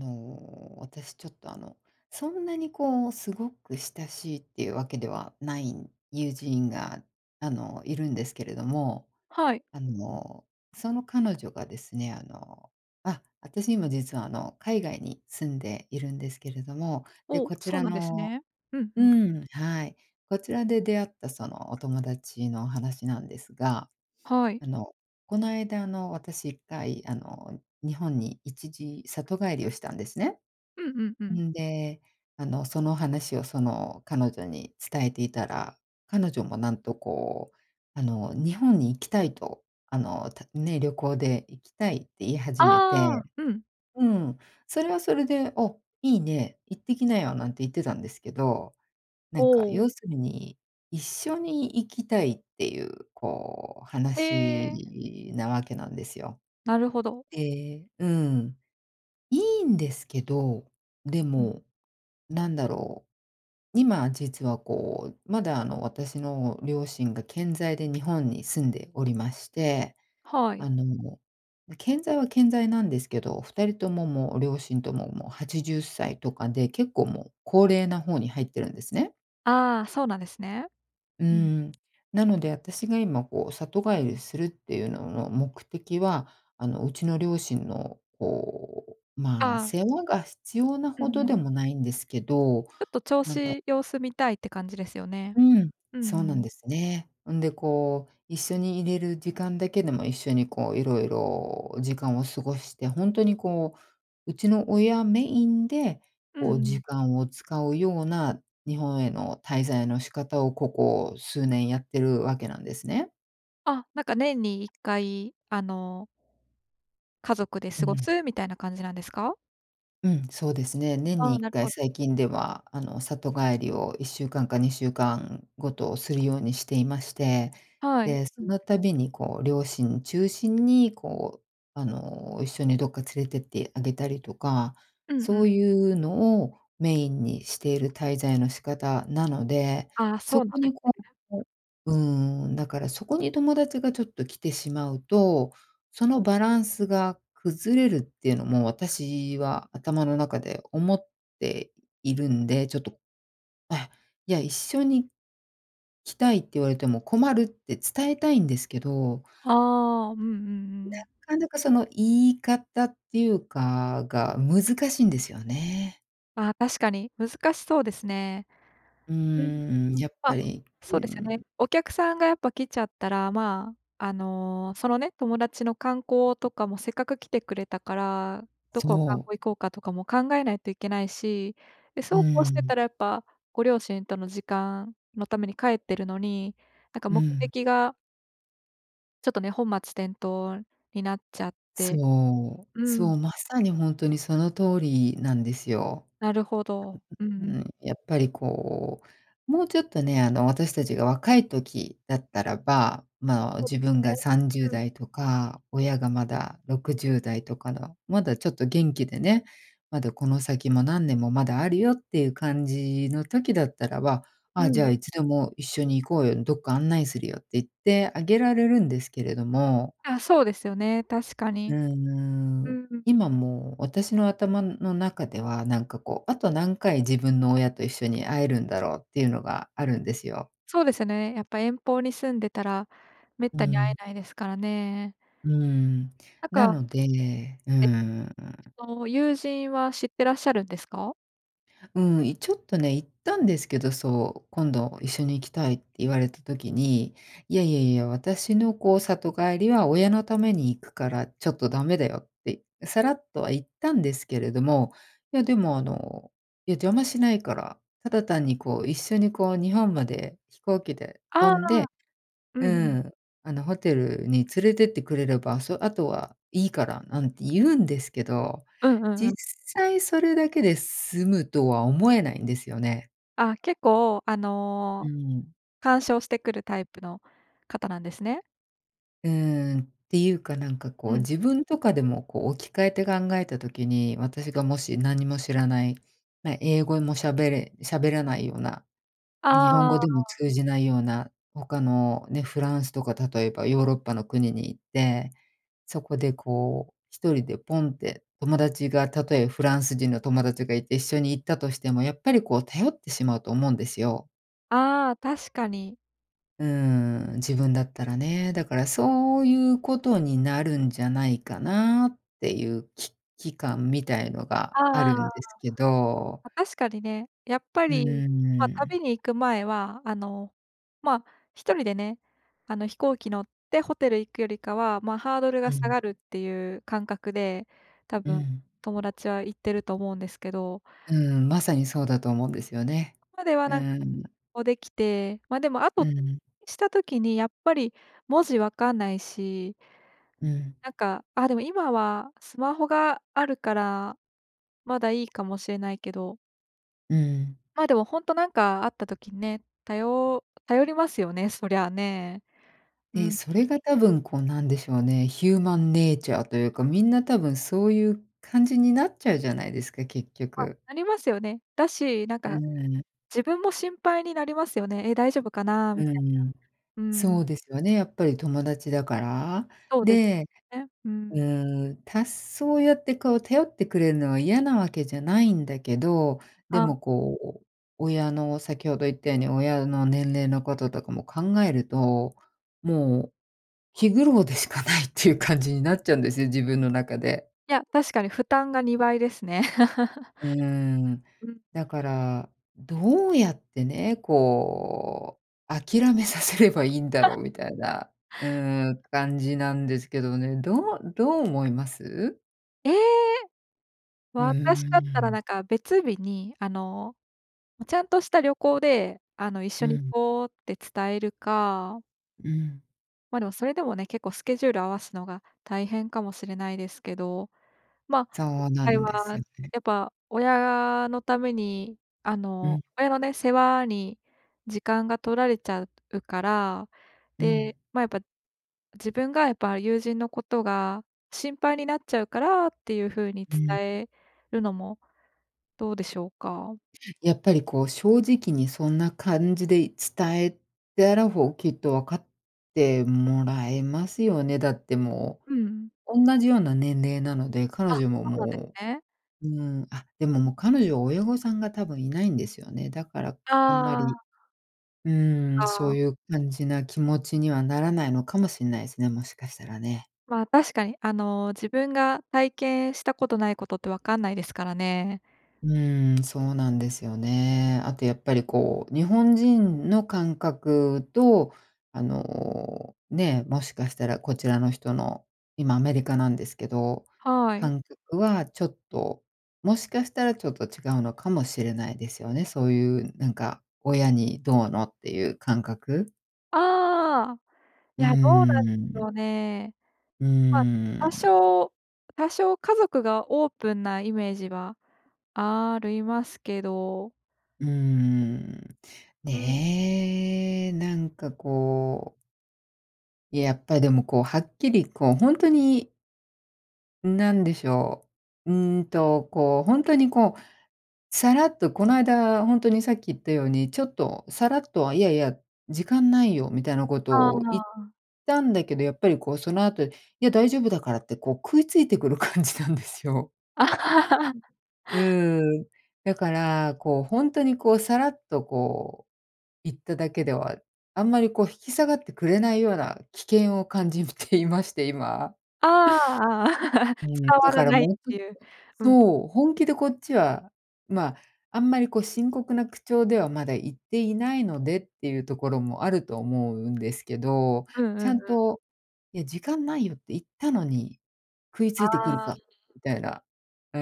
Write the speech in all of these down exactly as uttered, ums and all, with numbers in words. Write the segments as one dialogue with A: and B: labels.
A: あの、私ちょっとあのそんなにこうすごく親しいっていうわけではない友人が、あの、いるんですけれども、
B: はい。
A: あの、その彼女がですね、あの、あ、私今実はあの海外に住んでいるんですけれども、で、
B: お、
A: こち
B: そう
A: ら
B: なんです
A: の
B: ね。うん
A: う
B: うん。
A: ーん、はい。こちらで出会ったそのお友達の話なんですが、
B: はい。
A: あの、この間あの私いっかいあの日本に一時里帰りをしたんですね。
B: うんうんうん。
A: んで、あのその話をその彼女に伝えていたら、彼女もなんと、こう、あの日本に行きたいと、あの、たね、旅行で行きたいって言い
B: あ
A: 始めて、
B: あ、うん。
A: うん、それはそれで、「お、いいね、行ってきなよ」なんて言ってたんですけど、な
B: お
A: んか要
B: お。
A: するに一緒に行きたいっていうこう
B: へえ。
A: 話なわけなんですよ。
B: なるほど。
A: ええ、うん、いいんですけど、で
B: うん。
A: もなんだろう、今実はこうまだあの私の両親が健在で日本に住んでおりまして、
B: はい。
A: あの健在は健在なんですけど、ふたりとももう両親とももうはちじゅっさいとかで、結構もう高齢な方に入っているんですね。
B: ああ、そうなんですね。
A: うー
B: うん。
A: ん、なので私が今こう里帰りするっていうのの目的は、あの、うちの両親のこう、まあ
B: ああ。
A: 世話が必要な
B: う
A: ほ
B: んう
A: どで
B: ん。
A: もないんですけど、
B: ひょっと調
A: なんだ
B: 子、様子見たいって感じですよね。
A: うん、
B: うんう
A: そうなん
B: ん。
A: ですね。んで、こう一緒に居れる時間だけでも、一緒にこういろいろ時間を過ごして、ホントにこう、うちの親メインで
B: うんう
A: こう
B: ん。
A: 時間を使うような日本への滞在の仕方をここ数年やってるわけなんですね。
B: あ、なんか年にいっかいあの家族で
A: う
B: 過ご
A: ん。
B: すみたいな感じなんですか？
A: うん、そうですね。年
B: あ
A: に
B: あ、
A: いっ
B: なる
A: かい、
B: ほ。
A: 最近では、あの、里帰りをいっしゅうかんかにしゅうかんごとするようにしていまして、
B: はい。
A: で、
B: う
A: その
B: ん。
A: たびにこう両親中心にこう、あの、一緒にどっか連れてってあげたりとか、
B: うんうん。
A: そういうのをメインにしている滞在の仕方なので、
B: ああ、そ
A: そ
B: うな
A: こ
B: んで
A: に
B: すね。
A: こ、お
B: う。
A: うーん、だからそこに友達がちょっと来てしまうと、そのバランスが崩れるっていうのも、私は頭の中で思っているんで、ちょっとあ、いや「一緒に来たい」って言われても困るって伝えたいんですけど
B: ああ、うんうんうん。
A: なかなかその言い方っていうかが難しいんですよね。
B: ああ、確かに難しそうですね。
A: うー
B: うん。
A: ん、やっぱ
B: ま、
A: り、う
B: そ
A: ー
B: うですよね。
A: ん。
B: お客さんがやっぱ来ちゃったらま、あの、そのね、友達の観光とかもせっかく来てくれたから、どこを観
A: そう。
B: 光行こうかとかも考えないといけないし、で、
A: う
B: そうこうして
A: ん。
B: たらやっぱご両親との時間のために帰ってるのに、なんか
A: う
B: 目
A: ん。
B: 的がちょっとね、本末転倒になっちゃって。
A: そう、
B: う
A: そ
B: ん。
A: う、まさに本当にその通りなんですよ。
B: なるほど。うん
A: う
B: う
A: ー
B: ん。
A: ん、やっぱりこう、もうちょっとね、あの私たちが若い時だったらば、まあ、
B: そう
A: 自
B: です
A: 分が
B: ね、
A: さんじゅう
B: うん。
A: だいとか、親がまだろくじゅうだいとかの、まだちょっと元気でね、まだこの先も何年もまだあるよっていう感じの時だったらば、
B: う
A: あ、じゃあ
B: ん。
A: いつでも一緒に行こうよ、どっか案内するよって言ってあげられるんですけれども。
B: あ、そうですよね、確か
A: うー
B: に。う
A: ん、
B: ーん。
A: 今も私の頭の中ではなんかこう、あと何回自分の親と一緒に会えるんだろうっていうのがあるんですよ。
B: そうですよね。やっぱ遠方に住んでたら滅
A: う
B: 多に会え
A: ん。
B: ないですからね。
A: うーん。
B: なん
A: な
B: か
A: ので、うー
B: え、
A: ん。
B: その友人は知ってらっしゃるんですか？
A: うん、いちょっとね、言ったんですけど、そう、今度一緒に行きたいって言われた時に、いやいやいや、私のこう里帰りは親のために行くからちょっとダメだよって、さらっとは言ったんですけれども、いやでも、あの、いや邪魔しないから、ただ単にこう一緒に、こう、日本まで飛行機で
B: あ
A: 飛
B: あ、
A: んで、
B: うん
A: う
B: うん。
A: ん、あのホテルに連れてってくれれば、そ、あとはいいからなんて言うんですけど、
B: うんうんう
A: 実
B: ん。
A: 際それだけで済むとは思えないんですよね。
B: あ、結構、あ
A: う
B: の、
A: ん。
B: 干渉してくるタイプの方なんですね。
A: うーん、ていうかなんか
B: う
A: こう
B: ん。
A: 自分とかでもこう置き換えて考えた時に、私がもし何も知らない、ま、英語も喋れ喋らないような、日本
B: あ
A: 語で
B: あ。
A: も通じないような他のね、フランスとか例えばヨーロッパの国に行って、そこでこうひとりでポンって友達がたとえフランス人の友達がいて一緒に行ったとしてもやっぱりこう頼ってしまうと思うんですよ。
B: ああ、確かに。
A: うーん、自分だったらね。だから、そういう事になるんじゃないかなっていう危機感みたいのがあ
B: ああ。
A: る
B: ま
A: んですけど。
B: あ、確かにね、やっぱ
A: う
B: り、
A: ー
B: まあ、
A: ん。
B: 旅に行く前は、あの、まあ、ひとりでね、あの、飛行機乗って、ホテル行くよりかは、まあ、ハードルが
A: う
B: 下
A: ん。
B: がるっていう感覚で、多
A: う
B: 分、
A: ん。
B: 友達は言ってると思うんですけど。
A: うーん、まさにそうだと思うんですよね。
B: ここでは、
A: う
B: なんか、
A: ん。
B: こう、出来て、ま、でも、あ
A: う
B: と [unintelligible]
A: ん。
B: した時にやっぱり文字分かんないし。
A: うん。
B: なんか、あ、でも今はスマホがあるからまだいいかもしれないけど。
A: うん。
B: ま、でもほんとなんかあった時にね、たよ頼りますよね、そりゃあね。う
A: で、
B: ん。
A: それが多分、こう、何でしょうね。ヒューマンネイチャーと言うか、皆多分、そう言う感じになっちゃうじゃないですか、結
B: あ、
A: 局。
B: ありますよね。だし、なん
A: う
B: か
A: ーん。
B: 自分も心配になりますよね。え、大丈夫かな
A: う
B: みたい
A: ーん、
B: な。うー
A: そ
B: ん。
A: うですよね、やっぱり友達だから。
B: そうです
A: で、
B: ね。う
A: う
B: ん。
A: ーん、たそうやって、こう頼ってくれるのは嫌なわけじゃないんだけど、で
B: ああ。
A: も、こう、親の先程言ったように、親の年齢の事とかも考えると、もう気苦労でしかないっていう感じになっちゃうんですよ、自分の中で。
B: いや、確かに負担がにばいですね。
A: うーん。
B: うん。
A: だから、どうやってね、こう、諦めさせればいいんだろ うみたいな。うーん、感じなんですけどね。どうどう思います？
B: ええ、
A: うー
B: 私だったらな
A: ん。
B: んか別日にあの、ちゃんとした旅行であの、
A: う
B: 緒に行
A: ん。
B: こうって伝えるか
A: うん。
B: ま、でもそれでもね、結構スケジュール合わすのが大変かもしれないですけど、ま、
A: そ
B: 今
A: うな
B: 回
A: ん
B: は、
A: ですよね。
B: やっぱ親のために、あ
A: う
B: の、
A: ん。
B: 親のね、世話に時間が取られちゃううから、
A: うん。
B: で、ま、やっぱ自分がやっぱ友人のことが心配になっちゃうからっていう風に
A: うん。
B: 伝えるのもどうでしょうか。
A: やっぱりこう正直にそんな感じで伝えたら、ほうきっとわかってもらえますよね、だっても
B: うん。
A: う、おんなじような年齢なので、
B: あ、
A: 彼女も
B: そうなんで
A: も
B: すね。
A: う、うん、あ、でももう彼女は親御さんが多分いないんですよね。だからあんま
B: あ
A: り、
B: あ。
A: うん、
B: あ
A: そう
B: あ。
A: いう感じな気持ちにはならないのかもしんないすね、もしかしたらね。
B: ま、確かに、あの自分が体験したことないことってわかんないですからね。
A: うん、そうなんですよね。あとやっぱりこう日本人の感覚とあの、ね、もしかしたらこちらの人の今アメリカなんですけど、
B: はい。
A: 感覚はちょっと、もしかしたらちょっと違うのかもしれないですよね。そういうなんか親にどうのっていう感覚。
B: ああ、い
A: う
B: や、どうなんし
A: ー
B: ょ
A: ん。
B: うね。
A: う
B: ま、
A: ー
B: 多
A: ん。
B: 少多少家族がオープンなイメージはあるいますけど。
A: うーん、
B: うん。
A: ね、なんかこう。いや、やっぱりでもこうはっきりこうほんとになんでしょう、うーんと、こうほんとにこう、さらっとこないだほんとにさっき言ったように、ちょっとさらっとはいやいや、時間ないよみたいなこと
B: あ
A: を言っ
B: あ。
A: たんだけど、やっぱりこうその後、いや大丈夫だからってこう食いついてくる感じなんですよ。うーん、だから、こう、ほんとに、こう、さらっとこう言っただけでは、あんまりこう引き下がってくれないような危険を感じていまして、今。
B: ああ、あ、伝
A: うん、だ
B: わら
A: から
B: ないっ
A: もうちょっ
B: ていう。
A: と、
B: うん。
A: そう、本気でこっちは、ま、あんまりこう深刻な口調ではまだ言っていないのでっていうところもあると思うんですけど、
B: うん
A: ち
B: う
A: ゃ
B: ん
A: ん
B: うん。
A: と、いや時間ないよって言ったのに食いついてくる
B: あ
A: か
B: あ。
A: みたいな。うー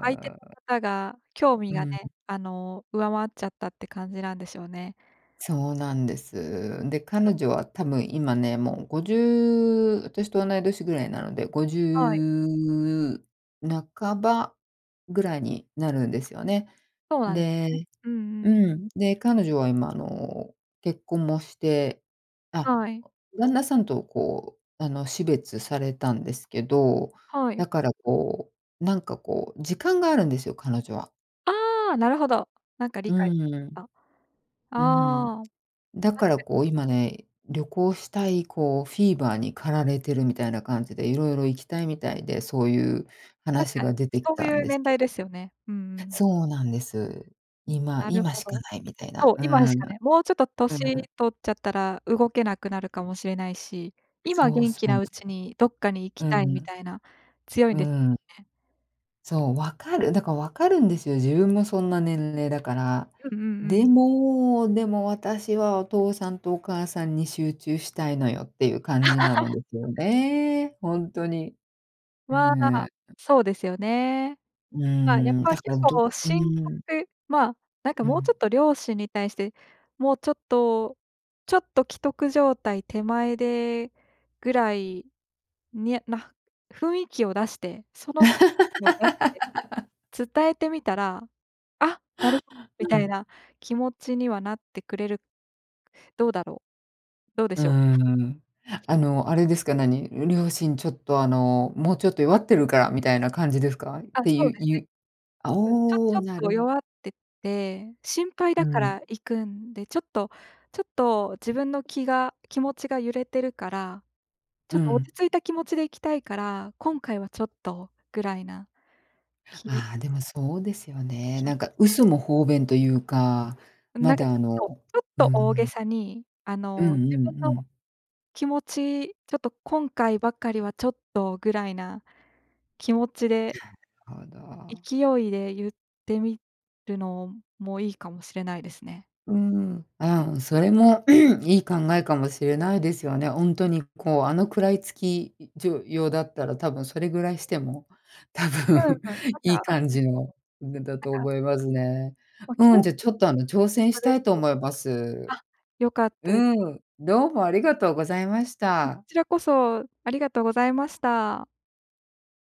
B: 相手の方が興味
A: う
B: がね、
A: ん。
B: あの、上回っちゃったって感じなんでしょうね。
A: そうなんです。で、彼女は多分今ね、もうごじゅう私とおない年ぐらいなのでごじ
B: はい。
A: ゅう半ばぐらいになるんですよね。
B: そうなんです
A: で
B: ね。うんうん。
A: うん、で、彼女は今あの結婚もして、あ、
B: はい。
A: 旦那さんとこうあの死別されたんですけど、
B: はい。
A: だからこうなんかこう時間があるんですよ、彼女は。
B: あ、なるほど。なんか理
A: う
B: 解
A: ん。
B: あ。
A: うん。
B: ああ。
A: だか
B: 確
A: ら
B: かに。
A: こう今
B: うん。
A: ね、旅行したいこうフィーバーに駆られてるみたいな感じで、色々行きたいみたいで、そういう
B: 確
A: 話
B: か
A: が
B: に、
A: 出てき
B: そう
A: たん
B: いう
A: です
B: 年
A: け
B: 代ですよね。うんう
A: ど。
B: ん。
A: そうなんです。今、
B: なる
A: 今
B: ほ
A: しか
B: ど。
A: ないみたい
B: そ
A: な。
B: う、
A: う
B: 今し
A: ん。
B: かね、もうちょっと
A: う
B: 年
A: ぬ。
B: 取っちゃったら動けなくなるかもしれないし、今
A: そう
B: 元
A: そ
B: 気
A: う。
B: なうちにどっかに行き
A: う
B: たいみ
A: ん。
B: たいな強いん
A: う
B: です
A: ん。
B: ね。
A: そう、分かる。だから分かるんですよ。自分もそんな年齢だから。
B: うんうんう
A: で
B: ん。
A: も、でも私はお父さんとお母さんに集中したいのよていう感じなの ですよね。本当に。う
B: まあ。
A: ん。
B: そうですよね。
A: う
B: ま、やっ
A: ん、
B: ぱ
A: だか
B: 結
A: らど
B: 構
A: う、う
B: 深
A: ん。
B: 刻、ま、なんか
A: う
B: もうち
A: ん。
B: ょっと両親に対して、もうちょっと、ちょっと危篤状態手前でぐらいにゃな、雰囲気を出してその、を出して 伝えてみたら、あ、なるほど み
A: う
B: たい
A: ん。
B: な気持ちにはなってくれる。どうだろう。どうで
A: うー
B: しょう。
A: ん、あの、あれですか、何、両親ちょっと、あの、もうちょっと弱ってるからみたいな感じですか？
B: あ、
A: て
B: そ
A: い
B: う
A: う
B: です
A: い
B: ね。
A: う、あ、
B: うん、ちょ
A: お
B: ちょ
A: お、
B: っ
A: なる
B: と
A: ほ
B: 弱ってて、心配
A: う
B: だから
A: ん。
B: 行くんでちょっとちょっと自分の気が気持ちが揺れてるから、ちょ
A: う
B: っと
A: ん。
B: 落ち着いた気持ちで行きたいから、今回はちょっとぐらいな。き
A: あ、でもそうですよね。
B: 気持
A: な
B: ち
A: んか
B: で。
A: 嘘も方便というか、
B: な
A: ま
B: んか
A: だ
B: ち
A: あ
B: ょっと、
A: の、
B: ちょっ
A: う
B: と大げ
A: ん。
B: さにあ
A: う
B: の、
A: んう
B: 自分
A: んう
B: の
A: ん。
B: 気持ちちょっと今回ばかりはちょっとぐらいな。気持ちで
A: はだ。
B: 勢いで言ってみるのもいいかもしれないですね。
A: うーん、
B: うん。
A: あ、それも いい考えかもしれないですよね。本当にこうあの食らいつきじょようだったら多分それぐらいしても多
B: うん
A: 分
B: うん、また
A: いい感
B: [unintelligible]
A: じの [unintelligible] だ
B: な
A: と
B: んか。
A: 思いますね。
B: ま、
A: うん、
B: 今日
A: じゃ、ちょっとあの挑戦したいと思い
B: [unintelligible]
A: ます。
B: あ、よかったです。
A: うん、どうもありがとうございまし
B: こ
A: た。
B: ちらこそありがとうございました。